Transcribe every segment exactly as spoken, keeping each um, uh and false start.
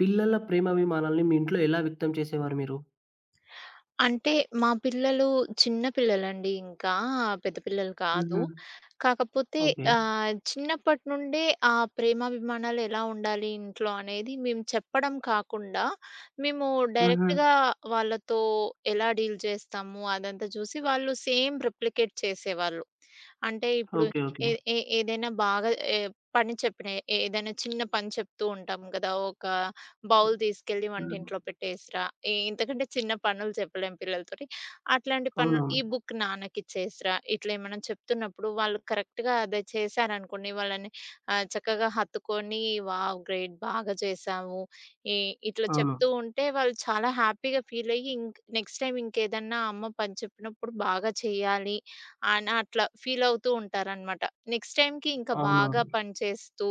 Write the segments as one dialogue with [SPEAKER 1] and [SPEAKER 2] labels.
[SPEAKER 1] పిల్లల ప్రేమాభిమానాల్ని మీ ఇంట్లో ఎలా వ్యక్తం చేసేవారు మీరు?
[SPEAKER 2] అంటే మా పిల్లలు చిన్న పిల్లలండి ఇంక. ఆ! పెద్ద పిల్లలు కాదు.
[SPEAKER 1] హుహు.
[SPEAKER 2] కాకపోతే
[SPEAKER 1] ఓకే.
[SPEAKER 2] ఆహ్, చిన్నప్పటి నుండే ఆ ప్రేమాభిమానాలు ఎలా ఉండాలి ఇంట్లో అనేది మేము చెప్పడం కాకుండా, మేము
[SPEAKER 1] హుహు.
[SPEAKER 2] డైరెక్ట్‌‌గా వాళ్ళతో ఎలా డీల్ చేస్తాము అదంతా చూసి వాళ్ళు సేమ్ రిప్లికేట్ చేసేవాళ్ళు. అంటే ఇప్పుడు
[SPEAKER 1] ఓకే.
[SPEAKER 2] ఏ
[SPEAKER 1] ఓకే.
[SPEAKER 2] ఏ ఏదైనా బాగా ఏ పని చెప్పిన ఏదన్నా చిన్న పని చెప్తూ ఉంటాం గదా! ఒక బౌల్ తీసుకెళ్ళి
[SPEAKER 1] హ్మ్.
[SPEAKER 2] వంటింట్లో పెట్టేసిరా. ఈ ఇంతకంటే చిన్న పనులు చెప్పలేం పిల్లలతోటి. అట్లాంటి పనులు ఈ
[SPEAKER 1] అవునవును.
[SPEAKER 2] బుక్ నాన్నకి ఇచ్చేసిరా. ఇట్లా ఏమన్నా చెప్తున్నప్పుడు, వాళ్ళు కరెక్ట్‌‌గా అదే చేసారనుకోండి. వాళ్ళని ఆహ్, చక్కగా హత్తుకొని వావ్! గ్రేట్! బాగా చేసావు. ఈ ఇట్లా
[SPEAKER 1] అవును.
[SPEAKER 2] చెప్తూ ఉంటే వాళ్ళు చాలా హ్యాపీగా ఫీల్ అయ్యి ఇంక్ నెక్స్ట్ టైమ్ ఇంకేదన్నా అమ్మ పని చెప్పినప్పుడు బాగా చేయాలి అన అట్లా ఫీలవుతూంటారనమాట. నెక్స్ట్ టైమ్‌కి ఇంకా బాగా
[SPEAKER 1] అవునవును.
[SPEAKER 2] పని చేస్తూ,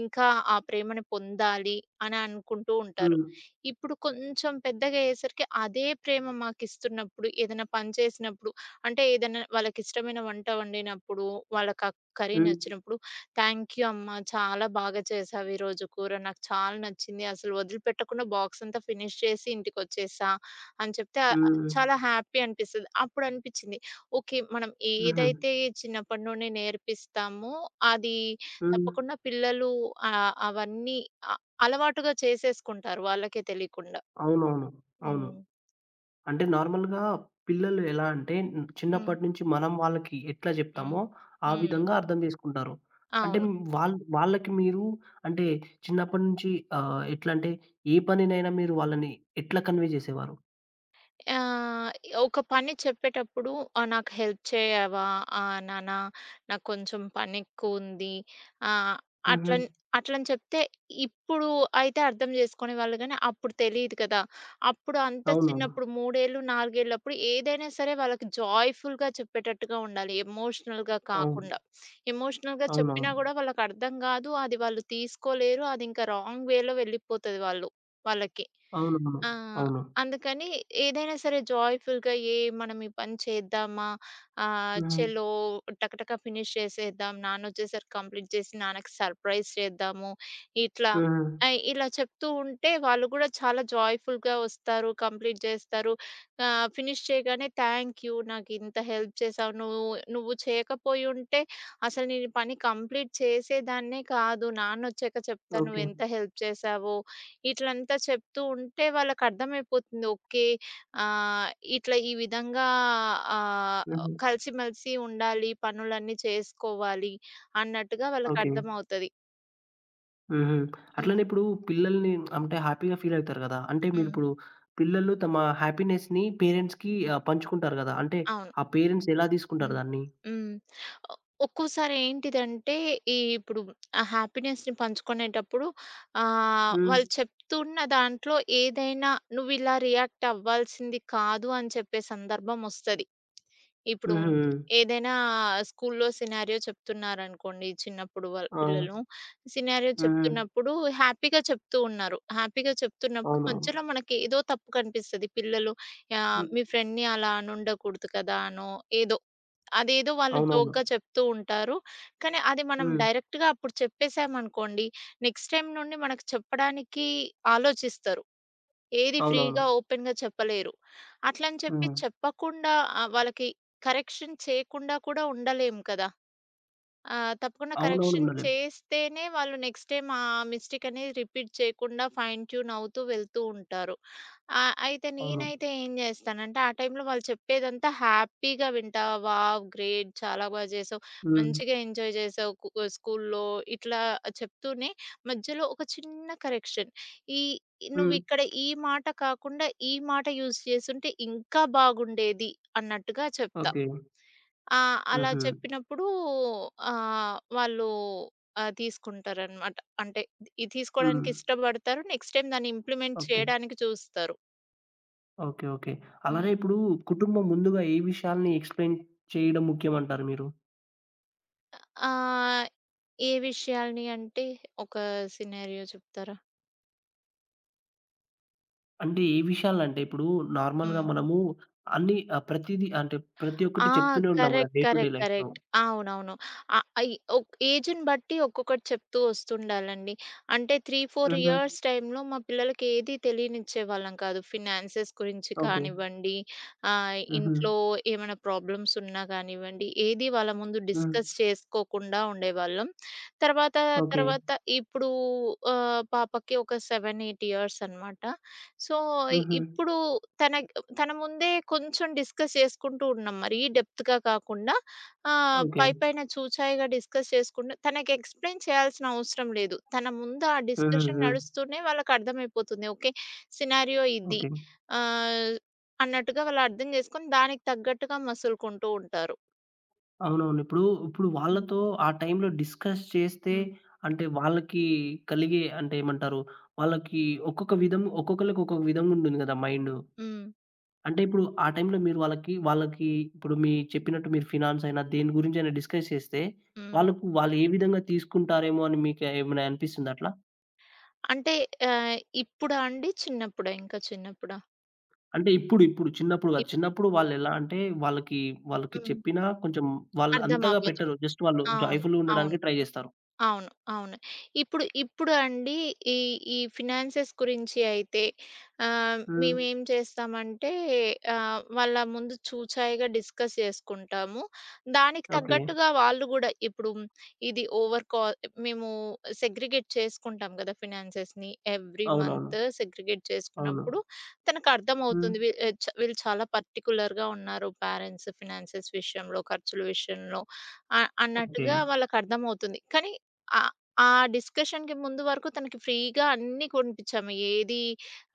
[SPEAKER 2] ఇంకా ఆ ప్రేమను పొందాలి అని అనుకుంటూ ఉంటారు.
[SPEAKER 1] హ్మ్.
[SPEAKER 2] ఇప్పుడు కొంచెం పెద్దగా అయ్యేసరికి అదే ప్రేమ మాకిస్తున్నప్పుడు, ఏదైనా పని చేసినప్పుడు, అంటే ఏదైనా వాళ్ళకిష్టమైన వంట వండినప్పుడు, వాళ్ళక కర్రీ
[SPEAKER 1] హ్మ్.
[SPEAKER 2] నచ్చినప్పుడు "థాంక్యు అమ్మా. చాలా బాగా చేసావు ఈ రోజు కూర. నాకు చాలా నచ్చింది అసలు వదిలిపెట్టకుండా బాక్స్ అంతా ఫినిష్ చేసి ఇంటికొచ్చేసా" అని చెప్తే ఆహ్,
[SPEAKER 1] హ్మ్.
[SPEAKER 2] చాలా హ్యాపీ అనిపిస్తది. అప్పుడు అనిపించింది ఓకే. మనం
[SPEAKER 1] హుహు.
[SPEAKER 2] ఏదైతే చిన్నప్పటి నుండి నేర్పిస్తామో, అది
[SPEAKER 1] హ్మ్.
[SPEAKER 2] తప్పకుండా పిల్లలు ఆహ్, అవన్నీ అ అలవాటుగా చేసేసుకుంటారు వాళ్ళకే తెలియకుండా.
[SPEAKER 1] అవునవును. అవును.
[SPEAKER 2] హ్మ్.
[SPEAKER 1] అంటే నార్మల్‌గా పిల్లలు ఎలా అంటే,
[SPEAKER 2] హ్మ్.
[SPEAKER 1] చిన్నప్పటి నుంచి మనం వాళ్ళకి ఎట్లా
[SPEAKER 2] హ్మ్.
[SPEAKER 1] జెప్తామో, ఆ
[SPEAKER 2] హ్మ్.
[SPEAKER 1] విధంగా అర్థం జేసుకుంటారు. అంటే,
[SPEAKER 2] అవును.
[SPEAKER 1] వాళ్ళ వాళ్ళకి మీరు అంటే చిన్నప్పటి నుంచి ఆహ్, ఎట్లా అంటే, ఏ పనినైనా మీరు వాళ్ళని ఎట్లా కన్వే జేసేవారు?
[SPEAKER 2] ఆహ్, ఒక పని చెప్పేటప్పుడు ఆహ్, "నాకు హెల్ప్ చెయ్యవా ఆహ్, నాన్న నాకొంచెం పనెక్కువుంది." ఆహ్,
[SPEAKER 1] హుహు.
[SPEAKER 2] అట్లన్ అట్లని చెప్తే ఇప్పుడు అయితే అర్థం జేసుకునే వాళ్ళు గానీ, అప్పుడు తెలీదు గదా! అప్పుడు అంత
[SPEAKER 1] అవునా?
[SPEAKER 2] చిన్నప్పుడు మూడేళ్ళు, నాలుగేళ్లప్పుడు ఏదైనా సరే వాళ్ళకి జాయ్‌ఫుల్‌గా చెప్పేటట్టుగా ఉండాలి, ఎమోషనల్‌గా
[SPEAKER 1] అవు
[SPEAKER 2] కాకుండా. ఎమోషనల్‌గా చెప్పినా
[SPEAKER 1] అవునవును.
[SPEAKER 2] గూడా వాళ్ళకర్థం గాదు. అది వాళ్ళు తీసుకోలేరు. అదింక రాంగ్ వేలో వెళ్ళిపోతది వాళ్ళు వాళ్ళకి.
[SPEAKER 1] అవునవును.
[SPEAKER 2] ఆ!
[SPEAKER 1] అవును.
[SPEAKER 2] అందుకని ఏదైనా సరే జాయ్‌ఫుల్‌గా "ఏయ్! మనం ఈ పని చేద్దామా? ఆహ్,
[SPEAKER 1] హ్మ్.
[SPEAKER 2] ఛలో టకటక ఫినిష్ చేసేద్దాం, నాన్నొచ్చేసరికి కంప్లీట్ జేసి నాన్నకి సర్‌ప్రైజ్ చేద్దాము." ఇట్లా
[SPEAKER 1] హ్మ్.
[SPEAKER 2] ఐ ఇలా చెప్తూ ఉంటే వాళ్ళు కూడా చాలా జాయ్‌ఫుల్‌గా వస్తారు. కంప్లీట్ జేస్తారు. ఆహ్, ఫినిష్ చేయగానే "థ్యాంక్ యూ! నాకింత హెల్ప్ చేసావు నువ్వు. నువ్వు చేయకపోయుంటే అసలు నేనీపని కంప్లీట్ చేసేదాన్నే కాదు. నాన్నొచ్చాక చెప్తా
[SPEAKER 1] ఓకే.
[SPEAKER 2] నువ్వేంత హెల్ప్ చేశావో" ఇట్లంతా చెప్తూ ఉంటే వాళ్ళకర్థమైపోతుంది. ఓకే. ఆహ్, ఇట్లా ఈ విధంగా ఆహ్,
[SPEAKER 1] హుహు.
[SPEAKER 2] కలిసి మెలిసి ఉండాలి. పనులన్నీ చేసుకోవాలి అన్నట్టుగా
[SPEAKER 1] ఓకే.
[SPEAKER 2] వాళ్ళకర్థమవుతది.
[SPEAKER 1] హుహు. అట్లనే
[SPEAKER 2] హ్మ్.
[SPEAKER 1] ఇప్పుడు పిల్లల్ని అంటే హ్యాపీ‌గా ఫీలవుతారు గదా! అంటే
[SPEAKER 2] హ్మ్.
[SPEAKER 1] మీరిప్పుడు, పిల్లలు తమ హ్యాపీనెస్‌ని పేరెంట్స్‌కి ఆహ్, పంచుకుంటారు గదా! అంటే
[SPEAKER 2] అవును.
[SPEAKER 1] ఆ పేరెంట్స్ ఎలా దీసుకుంటారు
[SPEAKER 2] హ్మ్.
[SPEAKER 1] దాన్ని?
[SPEAKER 2] హ్మ్. ఒ ఒక్కోసారి ఏంటిదంటే, ఈ ఇప్పుడు ఆ హ్యాపీనెస్‌ని పంచుకొనేటప్పుడు, ఆహ్,
[SPEAKER 1] హ్మ్.
[SPEAKER 2] వాళ్ళు చెప్తూన్న దాంట్లో ఏదైనా నువ్విలా రియాక్ట్ అవ్వాల్సింది కాదు అని చెప్పే సందర్భం ఒస్తది. ఇప్పుడు
[SPEAKER 1] హుహు.
[SPEAKER 2] ఏదైనా స్కూల్‌లో సినారియో చెప్తున్నారనుకోండి చిన్నప్పుడు వాళ్
[SPEAKER 1] ఆ!
[SPEAKER 2] పిల్లలు, సినారియో
[SPEAKER 1] హుహు.
[SPEAKER 2] చెప్తున్నప్పుడు హ్యాపీగా చెప్తూ ఉన్నారు. హ్యాపీగా చెప్తున్నప్పుడు
[SPEAKER 1] అవునవును.
[SPEAKER 2] మధ్యలో మనకేదో తప్పు కనిపిస్తది. పిల్లలు ఆహ్,
[SPEAKER 1] హ్మ్.
[SPEAKER 2] మీ ఫ్రెండ్‌ని అలా అనుండకూడదు కదా, అనో ఏదో, అదేదో వాళ్ళు
[SPEAKER 1] అవునవును.
[SPEAKER 2] జోక్‌గా చెప్తూ ఉంటారు. కానీ అది మనం
[SPEAKER 1] హ్మ్.
[SPEAKER 2] డైరెక్ట్‌గా అప్పుడు చెప్పేశామనుకోండి, నెక్స్ట్ టైమ్ నుండి మనకు చెప్పడానికి ఆలోచిస్తారు. ఏది
[SPEAKER 1] అవునవును.
[SPEAKER 2] ఫ్రీ‌గా, ఓపెన్‌గా చెప్పలేరు. అట్లని చెప్పి
[SPEAKER 1] హ్మ్.
[SPEAKER 2] చెప్పకుండా ఆహ్, వాళ్ళకి కరెక్షన్ చేయకుండా కూడా ఉండలేము కదా! ఆహ్, తప్పకుండా
[SPEAKER 1] అవునవును.
[SPEAKER 2] కరెక్షన్
[SPEAKER 1] ఉండలేం.
[SPEAKER 2] చేస్తేనే వాళ్ళు నెక్స్ట్ టైమ్ ఆ మిస్టేక్ అనేది రిపీట్ చేయకుండా ఫైన్ ట్యూన్ అవుతూ వెళ్తూ ఉంటారు. ఆహ్, అయితే
[SPEAKER 1] అవును.
[SPEAKER 2] నేనైతే ఏం జేస్తానంటే ఆ టైంలో వాళ్ళు చెప్పేదంతా హ్యాపీగా వింటా. వావ్! గ్రేట్! చాలా బా జేశావు.
[SPEAKER 1] హ్మ్.
[SPEAKER 2] మంచిగా ఎంజాయ్ జేశావు. కు క స్కూల్‌లో ఇట్లా చెప్తూనే, మధ్యలో ఒక చిన్న కరెక్షన్ ఈ
[SPEAKER 1] హ్మ్.
[SPEAKER 2] నువ్విక్కడ ఈ మాట కాకుండా, ఈ మాట యూజ్ జేసుంటే ఇంకా బాగుండేది అన్నట్టుగా చెప్తా.
[SPEAKER 1] ఓకే.
[SPEAKER 2] ఆహ్, అలా
[SPEAKER 1] హుహు.
[SPEAKER 2] చెప్పినప్పుడూ ఆహ్, వాళ్ళు ఆ! తీసుకుంటారనమాట. అంటే ఇది
[SPEAKER 1] హ్మ్.
[SPEAKER 2] తీసుకోడానికి ఇష్టబడతారు, నెక్స్ట్ టైమ్ దాన్ని ఇంప్లిమెంట్
[SPEAKER 1] ఓకే.
[SPEAKER 2] చేయడానికి జూస్తారు.
[SPEAKER 1] ఓకే. ఓకే. అలానే
[SPEAKER 2] హ్మ్.
[SPEAKER 1] ఇప్పుడూ కుటుంబం ముందుగా ఏ విషయాల్ని ఎక్స్‌ప్లెయిన్ చేయడం ముఖ్యమంటారు మీరు?
[SPEAKER 2] ఆ! ఆహ్, ఏ విషయాలిని అంటే, ఒక సినారియో చెప్తారా?
[SPEAKER 1] అంటే, ఏ విషయాలునంటే ఇప్పుడూ, నార్మల్‌గా
[SPEAKER 2] హ్మ్.
[SPEAKER 1] మనమూ అన్ని ఆహ్, ప్రతీది అంటే ప్రతి
[SPEAKER 2] ఆ!
[SPEAKER 1] ఒక్కటి చెప్తూనే ఉంటాంగా
[SPEAKER 2] correct.
[SPEAKER 1] Day to day
[SPEAKER 2] correct.
[SPEAKER 1] లైఫ్‌లో.
[SPEAKER 2] కరెక్ట్. అవునవును. ఆహ్, అయి ఓక్ ఏజుని బట్టి, ఒక్కొక్కటి చెప్తూ ఒస్తుండాలండి. అంటే త్రీ ఫోర్
[SPEAKER 1] హుహు.
[SPEAKER 2] ఇయర్స్ టై‌మ్‌లో, మా పిల్లలకేది తెలియనిచ్చే వాళ్ళం కాదు. ఫినాన్సెస్ గురించి
[SPEAKER 1] ఓకే.
[SPEAKER 2] కానివ్వండి, ఆహ్,
[SPEAKER 1] హుహు.
[SPEAKER 2] ఇంట్లో ఏమైనా ప్రాబ్లమ్సున్నా గానివ్వండి, ఏది వాళ్ళ ముందు
[SPEAKER 1] హ్మ్.
[SPEAKER 2] డిస్కస్ చేసుకోకుండా ఉండేవాళ్ళం. తరవాతా,
[SPEAKER 1] ఓకే.
[SPEAKER 2] తరవాత ఇప్పుడూ ఆహ్, పాపకి ఒక సెవెన్ ఎయిట్ ఇయర్సనమాట. సో, ఇ
[SPEAKER 1] హుహు.
[SPEAKER 2] ఇప్పుడూ తన గ్ తన ముందే, కొంచుం డిస్కస్ చేసుకుంటూ ఉన్నాం. మరీ డెప్త్‌గా గాకుండా, ఆహ్,
[SPEAKER 1] ఓకే.
[SPEAKER 2] పైపైన చూచాయిగా డిస్కస్ చేసుకుండం, తనకి ఎక్స్‌ప్లెయిన్ చేయాల్సిన అవసరం లేదు. తన ముందు ఆ
[SPEAKER 1] హుహు.
[SPEAKER 2] డిస్కషన్
[SPEAKER 1] హ్మ్.
[SPEAKER 2] నడుస్తూనే వాళ్ళకర్థమైపోతుంది. ఓకే. సినారియో ఇది,
[SPEAKER 1] ఓకే.
[SPEAKER 2] ఆహ్, అన్నట్టుగా వాళ్ళర్థం జేసుకొని, దానికి తగ్గట్టుగా మసులుకుంటూ ఉంటారు.
[SPEAKER 1] అవునవును. ఇప్పుడు, ఇప్పుడు
[SPEAKER 2] హ్మ్.
[SPEAKER 1] వాళ్ళతో ఆ టైంలో డిస్కస్ చేస్తే,
[SPEAKER 2] హ్మ్.
[SPEAKER 1] అంటే వాళ్ళకి కలిగే అంటే ఏమంటారు, వాళ్ళకి ఒక్కొక్క విధం ఒక్కొక్కళ్ళకి ఒక్కొక్క విధంగుంటుంది గదా! మైండు.
[SPEAKER 2] హ్మ్.
[SPEAKER 1] అంటే ఇప్పుడు ఆ టైంలో మీరు వాళ్ళకి వాళ్ళకి ఇప్పుడు మీరు చెప్పినట్టు మీరు ఫినాన్సైనా దేని గురించి అయినా డిస్కస్ చేస్తే
[SPEAKER 2] హ్మ్.
[SPEAKER 1] వాళ్ళకు వాళ్ళు ఏ విధంగా తీసుకుంటారేమో అని మీకు ఏమైనా అనిపిస్తుందా అట్లా?
[SPEAKER 2] అంటే ఆహ్, ఇప్పుడా అండి? చిన్నప్పుడా ఇంకా చిన్నప్పుడా?
[SPEAKER 1] అంటే ఇప్పుడు, ఇప్పుడు. చిన్నప్పుడు
[SPEAKER 2] ఇప్
[SPEAKER 1] గాదు. చిన్నప్పుడు వాళ్ళేలా అంటే, వాళ్ళకి వాళ్ళకి
[SPEAKER 2] హ్మ్.
[SPEAKER 1] చెప్పినా కొంచెం వాళ్ళు
[SPEAKER 2] అర్థం
[SPEAKER 1] అంతగా
[SPEAKER 2] అవ్వదు.
[SPEAKER 1] పెట్టరు. జస్ట్ వాళ్ళు
[SPEAKER 2] అవును.
[SPEAKER 1] జాయ్‌ఫుల్‌గా
[SPEAKER 2] అవును.
[SPEAKER 1] ఉండడానికి ట్రై జేస్తారు.
[SPEAKER 2] అవును. అవును. ఇప్పుడు, ఇప్పుడు అండి, ఈ, ఈ ఫినాన్సెస్ గురించి అయితే, ఆహ్, మేము
[SPEAKER 1] హ్మ్.
[SPEAKER 2] ఏం చేస్తామంటే, ఆహ్, వాళ్ళ ముందు చూచాయిగా డిస్కస్ చేసుకుంటాము. దానికి
[SPEAKER 1] ఓకే.
[SPEAKER 2] తగ్గట్టుగా వాళ్ళు గూడా, ఇప్పుడు ఇది ఓవర్ కాల్ మేము సెగ్రిగేట్ చేసుకుంటాం గదా! ఫినాన్సెస్‌ని. ఎవ్రీ
[SPEAKER 1] అవునవును.
[SPEAKER 2] మంత్ సెగ్రిగేట్
[SPEAKER 1] అవును.
[SPEAKER 2] జేసుకున్నప్పుడు, తనకర్థమవుతుంది.
[SPEAKER 1] హ్మ్.
[SPEAKER 2] వీ చా వీళ్ళు చాలా పర్టిక్యులర్‌గా ఉన్నారు. పేరెంట్స్ ఫైనాన్సెస్ విషయంలో, ఖర్చుల విషయంలో అ
[SPEAKER 1] ఓకే.
[SPEAKER 2] అన్నట్టుగా వాళ్ళకర్థమవుతుంది. కానీ, ఆహ్, ఆ డిస్కషన్‌కి ముందు వరకు తనకి ఫ్రీగా అన్ని కొనిపిచ్చాము. ఏది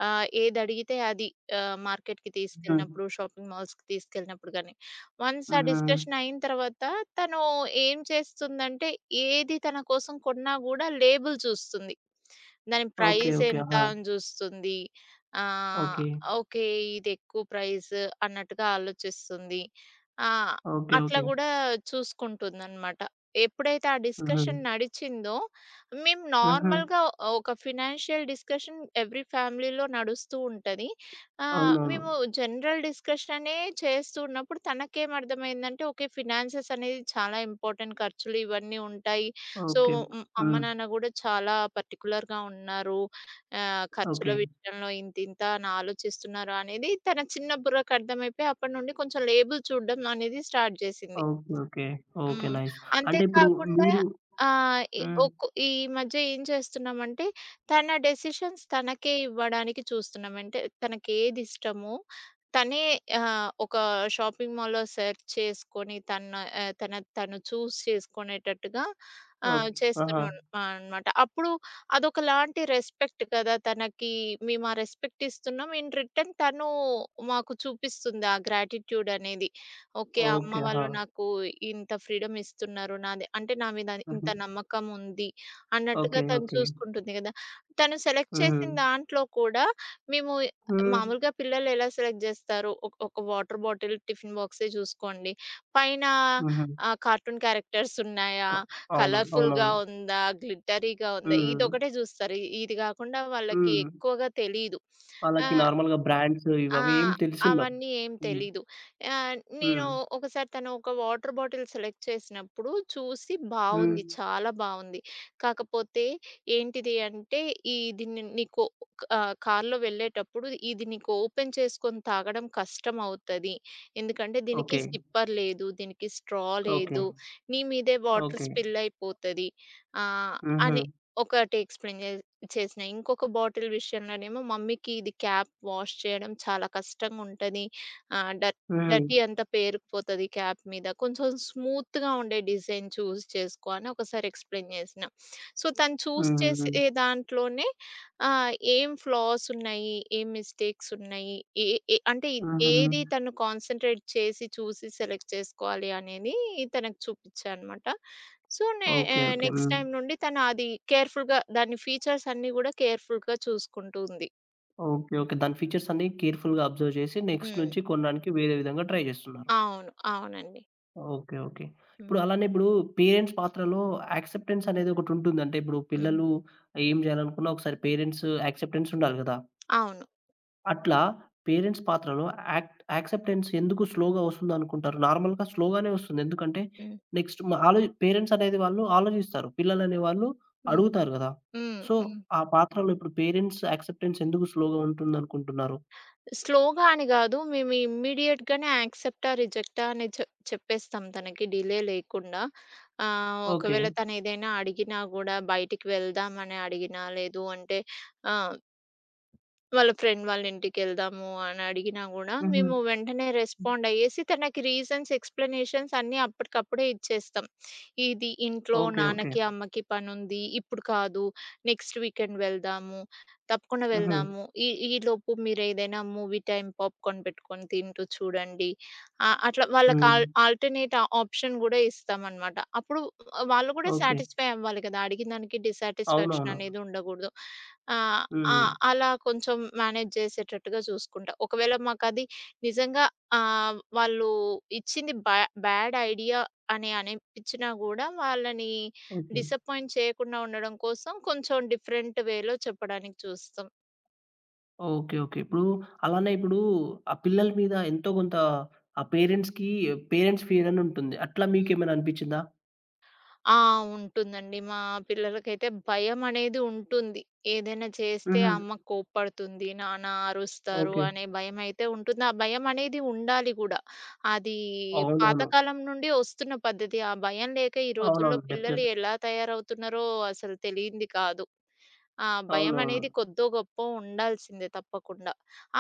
[SPEAKER 2] ఆహ్, ఏదడిగితే అది. ఆహ్, మార్కెట్‌కి
[SPEAKER 1] ఆ!
[SPEAKER 2] తీసుకెళ్ళినప్పుడు, షాపింగ్ మాల్స్‌కి తీసుకెళ్ళినప్పుడు గానీ. వన్స్ ఆ
[SPEAKER 1] ఆహా!
[SPEAKER 2] డిస్కషన్ అయిన తర్వాత, తను ఏం చేస్తుందంటే, ఏది తన కోసం కొన్నా గూడా లేబుల్ జూస్తుంది. దాని
[SPEAKER 1] ఓకే.
[SPEAKER 2] Price
[SPEAKER 1] okay.
[SPEAKER 2] ఎంత
[SPEAKER 1] ఆహా!
[SPEAKER 2] అని జూస్తుంది. ఆహ్,
[SPEAKER 1] ఓకే.
[SPEAKER 2] ఓకే. ఇదెక్కువ ప్రైస్ అన్నట్టుగా ఆలోచిస్తుంది. ఆ!
[SPEAKER 1] ఓకే.
[SPEAKER 2] అట్లా
[SPEAKER 1] ఓకే.
[SPEAKER 2] గూడా చూసుకుంటుందన్నమాట. ఎప్పుడైతే ఆ
[SPEAKER 1] ఆహా!
[SPEAKER 2] డిస్కషన్ నడిచిందో, మేము
[SPEAKER 1] ఆహా!
[SPEAKER 2] నార్మల్‌గా ఒక ఫినాన్షియల్ డిస్కషన్ ఎవ్రీ ఫ్యామిలీలో నడుస్తూ ఉంటది. ఆహ్,
[SPEAKER 1] అవునవును.
[SPEAKER 2] మేము జనరల్ డిస్కషన్ అనే చేస్తూ ఉన్నప్పుడు తనకేర్థమైందంటే, అంటే ఓకే ఫినాన్సెస్ అనేది చాలా ఇంపార్టెంట్. ఖర్చులు ఇవన్నీ ఉంటాయి. So,
[SPEAKER 1] okay. ఆ!
[SPEAKER 2] అమ్మ నాన్న గూడా చాలా పర్టిక్యులర్‌గా ఉన్నారు. ఆహ్, ఖర్చుల
[SPEAKER 1] ఓకే.
[SPEAKER 2] విషయంలో. ఇంతింత అని ఆలోచిస్తున్నారు అనేది తన చిన్న బుర్రకు అర్థమైపోయి, అప్పడి నుండి కొంచెం లేబుల్ చూడడం అనేది స్టార్ట్ జేసింది.
[SPEAKER 1] ఓకే. ఓకే. ఓకే.
[SPEAKER 2] హ్మ్.
[SPEAKER 1] నైస్. అంటే ఇప్పుడు,
[SPEAKER 2] అంతేకాకుండా
[SPEAKER 1] మీరు
[SPEAKER 2] ఆహ్, ఈ
[SPEAKER 1] హ్మ్.
[SPEAKER 2] ఒక్ ఈ మధ్య ఏం చేస్తున్నామంటే, తన డెసిషన్స్ తనకే ఇవ్వడానికి చూస్తున్నాం. అంటే తనకేదిష్టమో, తనే ఆహ్, ఒక షాపింగ్ మాల్‌లో సెర్చ్ చేసుకొని తన తన తను చూజ్ చేసుకునేటట్టుగా ఆహ్,
[SPEAKER 1] ఓకే. ఆహా!
[SPEAKER 2] చేస్తున్నాం అన్ అనమాట. అప్పుడు అదొకలాంటి రెస్పెక్ట్ కదా! తనకి మేమా రెస్పెక్ట్ ఇస్తున్నాం ఇన్ రిటర్న్ తను మాకు చూపిస్తుంది ఆ గ్రాటిట్యూడ్ అనేది. ఓకే. అమ్మ
[SPEAKER 1] ఓకే. ఆహా!
[SPEAKER 2] వాళ్ళు నాకు ఇంత ఫ్రీడమ్ ఇస్తున్నారు. నాది అంటే నా మీద ఇంత
[SPEAKER 1] హుహు.
[SPEAKER 2] నమ్మకం ఉంది,
[SPEAKER 1] ఓకే.
[SPEAKER 2] అన్నట్టుగా తను
[SPEAKER 1] ఓకే.
[SPEAKER 2] చూసుకుంటుంది గదా! తను సెలెక్ట్ చేసిన
[SPEAKER 1] హుహు.
[SPEAKER 2] దాంట్లో కూడా మేము
[SPEAKER 1] హ్మ్.
[SPEAKER 2] మామూలుగా పిల్లలు ఎలా సెలెక్ట్ జేస్తారు? ఒక ఒక వాటర్ బాటిల్ టిఫిన్ బాక్సే జూసుకోండి. పైన
[SPEAKER 1] హుహు.
[SPEAKER 2] ఆహ్, కార్టూన్ క్యారెక్టర్స్ ఉన్నాయా,
[SPEAKER 1] క అవును.
[SPEAKER 2] కలర్‌ఫుల్‌గా
[SPEAKER 1] అవునవును.
[SPEAKER 2] ఉందా, గ్లిట్టరీగా ఉందా?
[SPEAKER 1] హ్మ్.
[SPEAKER 2] ఇదొక్కటే జూస్తారు. ఇది గాకుండా వాళ్ళకి
[SPEAKER 1] హ్మ్.
[SPEAKER 2] ఎక్కువగా తెలీదు.
[SPEAKER 1] వాళ్ళకి
[SPEAKER 2] ఆహ్
[SPEAKER 1] నార్మల్‌గా బ్రాండ్స్ ఇవి అవి ఏం
[SPEAKER 2] ఆహ్,
[SPEAKER 1] తెలిసుండవు.
[SPEAKER 2] అవన్నీ ఏం
[SPEAKER 1] హ్మ్.
[SPEAKER 2] తెలీదు. ఆహ్, నేను
[SPEAKER 1] హ్మ్.
[SPEAKER 2] ఒకసారి తను ఒక వాటర్ బాటిల్ సెలెక్ట్ చేసినప్పుడు చూసి బావుంది.
[SPEAKER 1] హ్మ్.
[SPEAKER 2] చాలా బావుంది. కాకపోతే ఏంటిది అంటే, ఈ దీని నీకు ఆహ్, కార్‌లో వెళ్ళేటప్పుడు ఇది నీకు ఓపెన్ చేసుకొని తాగడం కష్టమవుతది. ఎందుకంటే, దీనికి
[SPEAKER 1] ఓకే.
[SPEAKER 2] సిప్పర్ లేదు. దీనికి స్ట్రా
[SPEAKER 1] ఓకే.
[SPEAKER 2] లేదు. నీ మీదే వాటర్
[SPEAKER 1] ఓకే.
[SPEAKER 2] స్పిల్ అయిపోతది. ఆహ్, అని
[SPEAKER 1] హుహు.
[SPEAKER 2] ఒకటి ఎక్స్‌ప్లెయిన్ చే చేసినా. ఇంకొక బాటిల్ విషయంలోనేమో మమ్మీకి ఇది క్యాప్ వాష్ చేయడం చాలా కష్టంగుంటది. ఆహ్, డ డర్టీ
[SPEAKER 1] హుహు.
[SPEAKER 2] అంత పేరుకుపోతది క్యాప్ మీద. కొంచెం స్మూత్‌గా ఉండే డిజైన్ చూజ్ చేసుకో అని ఒకసారి ఎక్స్‌ప్లెయిన్ జేసినా. సో, తను చూజ్ చేసే
[SPEAKER 1] హుహుహు.
[SPEAKER 2] దాంట్లోనే ఆహ్, ఏం ఫ్లాసున్నాయి, ఏం మిస్టేక్సున్నాయి, ఏ ఏ అంటే ఏది
[SPEAKER 1] హుహు.
[SPEAKER 2] తను కాన్సన్‌ట్రేట్ చేసి చూసి సెలెక్ట్ చేసుకోవాలి అనేది తనకి చూపిచ్చా అనమాట. సో, నే ఎ
[SPEAKER 1] ఓకే. ఓకే.
[SPEAKER 2] నెక్స్ట్
[SPEAKER 1] హ్మ్.
[SPEAKER 2] టైమ్ నుండి తను అది కేర్‌ఫుల్‌గా దాని ఫీచర్స్ అన్నీ గూడా కేర్‌ఫుల్‌గా చూసుకుంటూంది.
[SPEAKER 1] ఓకే. ఓకే. దాని ఫీచర్సన్నీ కేర్‌ఫుల్‌గా అబ్జర్వ్ జేసి నెక్స్ట్
[SPEAKER 2] హ్మ్.
[SPEAKER 1] నుంచి కొనడానికి వేరే విధంగా ట్రై జేస్తున్నారు.
[SPEAKER 2] అవును. అవునండి.
[SPEAKER 1] ఓకే. ఓకే. ఇప్పుడు
[SPEAKER 2] హ్మ్.
[SPEAKER 1] అలానే ఇప్పుడు పేరెంట్స్ పాత్రలో యాక్సెప్టెన్సనేదొకటుంటుంది. అంటే ఇప్పుడు
[SPEAKER 2] హ్మ్.
[SPEAKER 1] పిల్లలు ఏం జేయాలనుకున్న, ఒకసారి పేరెంట్స్ యాక్సెప్టెన్సుండాలి గదా!
[SPEAKER 2] అవును.
[SPEAKER 1] అట్లా, పేరెంట్స్ పాత్రలో యాక్ట్ యాక్సెప్టెన్స్ ఎందుకు స్లోగా ఒస్తుందనుకుంటారు? నార్మల్‌గా స్లోగానే ఒస్తుంది. ఎందుకంటే,
[SPEAKER 2] హ్మ్.
[SPEAKER 1] నెక్స్ట్ మ ఆలో పేరెంట్సనేది వాళ్ళు ఆలోజిస్తారు. పిల్లలనేవాళ్ళు
[SPEAKER 2] హ్మ్.
[SPEAKER 1] అడుగుతారు గదా!
[SPEAKER 2] హ్మ్.
[SPEAKER 1] సో,
[SPEAKER 2] హ్మ్.
[SPEAKER 1] ఆ పాత్రలో ఇప్పుడు పేరెంట్స్ యాక్సెప్టెన్స్ ఎందుకు స్లోగా ఉంటుందనుకుంటున్నారు?
[SPEAKER 2] స్లోగా అని గాదు. మేము ఇమ్మీడియేట్‌గానే యాక్సెస్టా, రిజెక్టా అని చెప్ చెప్పేస్తాం తనకి డిలే లేకుండా. ఆహ్,
[SPEAKER 1] ఓకే.
[SPEAKER 2] ఒకవేళ తనేదైనా అడిగినా గూడా, "బయటికి వెళ్దం" అని అడిగినా, లేదు అంటే ఆ! "వాళ్ళ ఫ్రెండ్ వాళ్ళింటికెళ్దాము" అనడిగినా గూడా,
[SPEAKER 1] హుహు.
[SPEAKER 2] మేము వెంటనే రెస్పాండయ్యేసి తనకి రీజన్స్, ఎక్స్‌ప్లనేషన్స్ అన్నీ అప్పటికప్పుడే ఇచ్చేస్తాం. "ఇది ఇంట్లో
[SPEAKER 1] ఓకే. ఓకే.
[SPEAKER 2] నాన్నకి, అమ్మకి పనుంది. ఇప్పుడు కాదు. నెక్స్ట్ వీకెండ్ వెళ్దాము. తప్పకుండా
[SPEAKER 1] హుహు.
[SPEAKER 2] వెళ్దాము. ఈ ఈ లోపు మీరేదైనా మూవీ టైమ్ పాప్‌కార్న్ పెట్టుకొని తింటూ చూడండి." అ అట్లా వాళ్ళకి ఆల్
[SPEAKER 1] హ్మ్.
[SPEAKER 2] ఆల్‌టర్‌నేట్ ఆప్షన్ గూడా ఇస్తామనమాట. అప్పుడు వాళ్ళు గూడా
[SPEAKER 1] ఓకే.
[SPEAKER 2] సాటిస్ఫై అవ్వాలి కదా! అడిగినదానికి
[SPEAKER 1] అవునవును.
[SPEAKER 2] డిస్‌సాటిస్‌ఫాక్షననేది ఉండగూడదు. ఆహ్, ఆ!
[SPEAKER 1] హుహు.
[SPEAKER 2] అలా కొంచెం మేనేజ్ జేసేటట్టుగా జూసుకుంటా. ఒకవేళ మాకది నిజంగా ఆహ్, వాళ్ళు ఇచ్చింది బ్యా బ్యాడ్ ఐడియా అని అనిపిచ్చినా గూడా, వాళ్ళని
[SPEAKER 1] ఓకే.
[SPEAKER 2] డిసప్పాయింట్ చేయకుండా ఉండడం కోసం కొంచెం డిఫరెంట్ వేలో చెప్పడానికి చూస్తాం.
[SPEAKER 1] ఓకే. ఓకే. ఇప్పుడు, అలానే ఇప్పుడు ఆ పిల్లల మీద ఎంతో కొంత ఆ పేరెంట్స్‌కి, పేరెంట్స్ ఫియరనుంటుంది, అట్లా
[SPEAKER 2] హ్మ్.
[SPEAKER 1] మీకేమైనా అనిపిచ్చిందా?
[SPEAKER 2] ఆ! ఉంటుందండి, మా పిల్లలకైతే భయమనేది ఉంటుంది. ఏదైనా చేస్తే,
[SPEAKER 1] హుహు.
[SPEAKER 2] అమ్మ కోప్పడుతుంది. నాన్న అరుస్తారు
[SPEAKER 1] ఓకే.
[SPEAKER 2] అనే భయమయితే ఉంటుంది. ఆ భయమనేది ఉండాలి గూడా, అది
[SPEAKER 1] అవునవును.
[SPEAKER 2] పాతకాలం నుండి వస్తున్న పద్ధతి. ఆ భయం లేక ఈ రోజుల్లో
[SPEAKER 1] అవునవును.
[SPEAKER 2] పిల్లలు
[SPEAKER 1] డెఫినిట్‌
[SPEAKER 2] ఎలా తయారవుతున్నారో అసలు తెలియంది కాదు. ఆ భయమనేది
[SPEAKER 1] అవునవును.
[SPEAKER 2] కొద్దో గొప్పో ఉండాల్సిందే తప్పకుండా.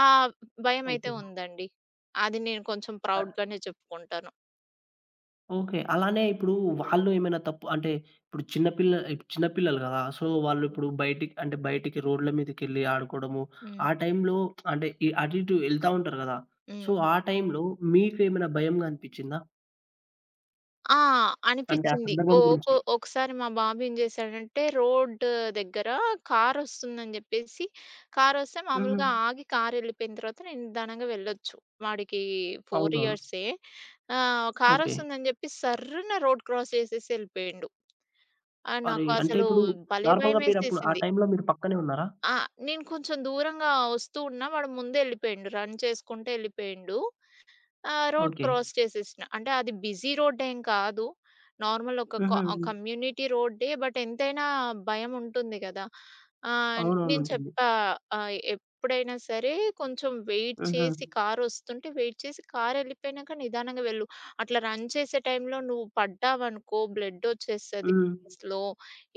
[SPEAKER 2] ఆహ్, భయమైతే
[SPEAKER 1] ఓకే.
[SPEAKER 2] ఉందండి. అది నేను కొంచెం
[SPEAKER 1] ఆహ్
[SPEAKER 2] ప్రౌడ్‌గానే చెప్పుకుంటాను.
[SPEAKER 1] ఓకే. అలానే ఇప్పుడు వాళ్ళు ఏమైనా తప్పు అంటే, ఇప్పుడు చిన్న పిల్ల చిన్న పిల్లలు కదా! సో, వాళ్ళు
[SPEAKER 2] హ్మ్.
[SPEAKER 1] ఇప్పుడు బయటికి, అంటే బయటికి రోడ్ల మీదకెళ్లి ఆడుకోడము,
[SPEAKER 2] హ్మ్.
[SPEAKER 1] ఆ టైంలో అంటే అటు ఇటు ఎళ్తా ఉంటారు కదా? సో,
[SPEAKER 2] హ్మ్.
[SPEAKER 1] ఆ టైంలో మీకేమైనా భయంగా అనిపిచ్చిందా?
[SPEAKER 2] ఆ!
[SPEAKER 1] అంటే ఆ
[SPEAKER 2] అనిపిచ్చింది.
[SPEAKER 1] సందర్భం
[SPEAKER 2] ఓహ్, ఓకొ
[SPEAKER 1] గురించి.
[SPEAKER 2] ఒకసారి మా బాబు ఏం జేసాడంటే, రోడ్ దగ్గర కారొస్తుందని జెప్పేసి కారొస్తే
[SPEAKER 1] హుహు.
[SPEAKER 2] మామూలుగా ఆగి కారెళ్ళిపోయిన తర్వాత నే నిదానంగా వెళ్ళొచ్చు. వాడికి ఫోర్
[SPEAKER 1] అవునవును.
[SPEAKER 2] ఇయర్సే ఆహ్,
[SPEAKER 1] ఓకే.
[SPEAKER 2] కారొస్తుందని జెప్పి సర్రున రోడ్ క్రాస్ జేసేసి యెళ్ళిపోయిండు. ఆహ్,
[SPEAKER 1] అరే!
[SPEAKER 2] నాకు
[SPEAKER 1] అంటే
[SPEAKER 2] అసలు
[SPEAKER 1] ఇప్పుడు
[SPEAKER 2] భలే!
[SPEAKER 1] నార్మల్‌గా మీరప్పుడు ఆ
[SPEAKER 2] భయమేసేసింది.
[SPEAKER 1] టైంలో మీరు పక్కనే ఉన్నారా?
[SPEAKER 2] ఆ! నేను కొంచెం దూరంగా వస్తూ ఉన్నా, వాడు ముందే ఎళ్ళిపోయిండు రన్ చేసుకుంట ఎళ్ళిపోయిండు. ఆహ్, రోడ్
[SPEAKER 1] ఓకే.
[SPEAKER 2] క్రాస్ చేసేసినా అంటే అది బిజీ రోడ్డేం కాదు, నార్మల్ ఒక క
[SPEAKER 1] హుహు. హ్మ్.
[SPEAKER 2] కమ్యూనిటీ రోడ్డే. బట్ ఎంతైనా భయముంటుంది కదా? ఆహ్,
[SPEAKER 1] అవునవును.
[SPEAKER 2] నేను
[SPEAKER 1] ఉంటుంది.
[SPEAKER 2] చెప్పా, ఆహ్, ఎప్పుడైనా సరే, కొంచెం వెయిట్
[SPEAKER 1] హుహు.
[SPEAKER 2] చేసి కారొస్తుంటే వెయిట్ చేసి కారెళ్ళిపోయినాక నిదానంగా వెళ్ళు. అట్లా రన్ చేసే టైంలో నువ్వు పడ్డావనుకో, బ్లడ్ వచ్చేస్తది
[SPEAKER 1] హ్మ్.
[SPEAKER 2] [unintelligible] లో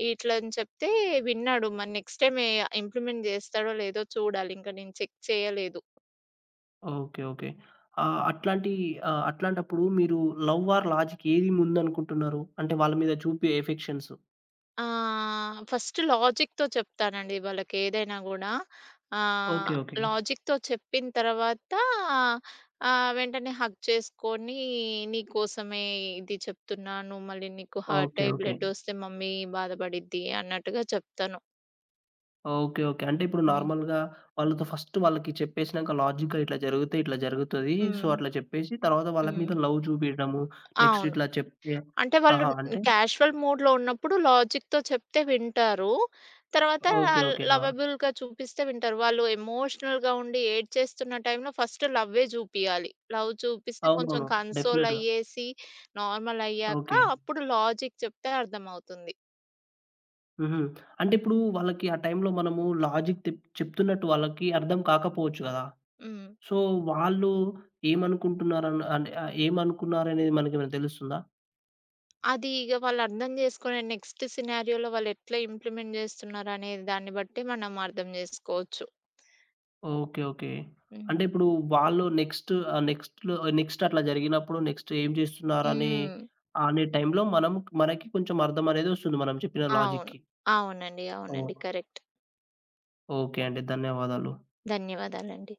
[SPEAKER 2] ఇట్లా అని చెప్తే, విన్నాడు మరి నెక్స్ట్ టైమ్ ఎ ఇమ్‌ప్లిమెంట్ జేస్తాడో లేదో, చూడాలి ఇంకా నేను చెక్ చేయలేదు.
[SPEAKER 1] ఓకే. ఓకే. ఆ! అట్లాంటి ఆహ్, అట్లాంటప్పుడు మీరు లవ్ ఆర్ లాజిక్, ఏది ముందు అనుకుంటున్నారు అంటే వాళ్ళ మీద చూపే అఫెక్షన్సు?
[SPEAKER 2] ఆహ్, ఫస్ట్ లాజిక్‌తో చెప్తానండి వాళ్ళకేదైనా గూడా.
[SPEAKER 1] ఓకే.
[SPEAKER 2] ఆహ్,
[SPEAKER 1] ఓకే.
[SPEAKER 2] లాజిక్‌తో చెప్పిన తర్వాత ఆహ్, వెంటనే హగ్ చేసుకొని నీకోసమే ఇది చెప్తున్నాను. మళ్ళీ నీకు హార్ట్
[SPEAKER 1] ఓకే.
[SPEAKER 2] అయ్యి
[SPEAKER 1] ఓకే.
[SPEAKER 2] బ్లడ్డొస్తే మమ్మీ బాధపడిద్ది అన్నట్టుగా చెప్తాను.
[SPEAKER 1] ఓకే. ఓకే. అంటే ఇప్పుడు
[SPEAKER 2] హ్మ్.
[SPEAKER 1] నార్మల్‌గా వాళ్ళతో ఫస్ట్ వాళ్ళకి చెప్పేసినంక లాజిక్‌గా ఇట్లా జరిగితే ఇట్లా జరుగుతది. సో,
[SPEAKER 2] హ్మ్.
[SPEAKER 1] అట్లా చెప్పేశి తరువాత వాళ్ళ
[SPEAKER 2] హ్మ్.
[SPEAKER 1] మీద లవ్ చూపియడము నెక్స్ట్
[SPEAKER 2] అవును.
[SPEAKER 1] ఇట్లా చెప్తే
[SPEAKER 2] అంటే వాళ్ళు
[SPEAKER 1] ఆహా! అంటే?
[SPEAKER 2] క్యాషువల్ మూడ్‌లో ఉన్నప్పుడు లాజిక్‌తో చెప్తే వింటారు. తర్వాత
[SPEAKER 1] ఓకే. ఓకే. ఆ!
[SPEAKER 2] లవబుల్‌గా చూపిస్తే వింటారు. వాళ్ళు ఎమోషనల్‌గా ఉండి ఏడ్చేస్తున్న టైంలో ఫస్టు లవ్వే జూపియాలి. లవ్ చూపిస్తే కొంచెం
[SPEAKER 1] అవునవును.
[SPEAKER 2] కన్సోల్
[SPEAKER 1] డెఫినిట్‌‌గా.
[SPEAKER 2] అయ్యేసి, నార్మల్ అయ్యాక
[SPEAKER 1] ఓకే.
[SPEAKER 2] అప్పుడు లాజిక్ చెప్తే అర్థమవుతుంది.
[SPEAKER 1] హుహు. అంటే ఇప్పుడు వాళ్ళకి ఆ టైంలో మనము లాజిక్ తె చెప్తున్నట్టు వాళ్ళకి అర్థం కాకపోవచ్చు గదా!
[SPEAKER 2] హ్మ్.
[SPEAKER 1] సో, వాళ్ళు ఏమనుకుంటున్నారు అన్ అన్ ఏమనుకున్నారనేది మనకేమైనా తెలుస్తుందా?
[SPEAKER 2] అది ఇగ వాళ్ళు అర్థం జేసుకునే నెక్స్ట్ సినారియోలో వాళ్లెట్ల ఇంప్లిమెంట్ జేస్తున్నారనే దాన్ని బట్టే మనం అర్థం జేసుకోవచ్చు.
[SPEAKER 1] ఓకే. ఓకే. అంటే
[SPEAKER 2] హ్మ్.
[SPEAKER 1] ఇప్పుడు వాళ్ళు నెక్స్టు ఆహ్, నెక్స్ట్‌లో నెక్స్ట్ అట్లా జరిగినప్పుడు నెక్స్ట్ ఏం చేస్తున్నారనే
[SPEAKER 2] హ్మ్.
[SPEAKER 1] అనే టైంలో మనం మనకి కొంచెం అర్థమనేదొస్తుంది మనం చెప్పిన
[SPEAKER 2] అవును.
[SPEAKER 1] లాజిక్‌కి.
[SPEAKER 2] అవునండి. అవునండి.
[SPEAKER 1] ఓహ్!
[SPEAKER 2] కరెక్ట్.
[SPEAKER 1] ఓకే అండి. ధన్యవాదాలు.
[SPEAKER 2] ధన్యవాదాలండి.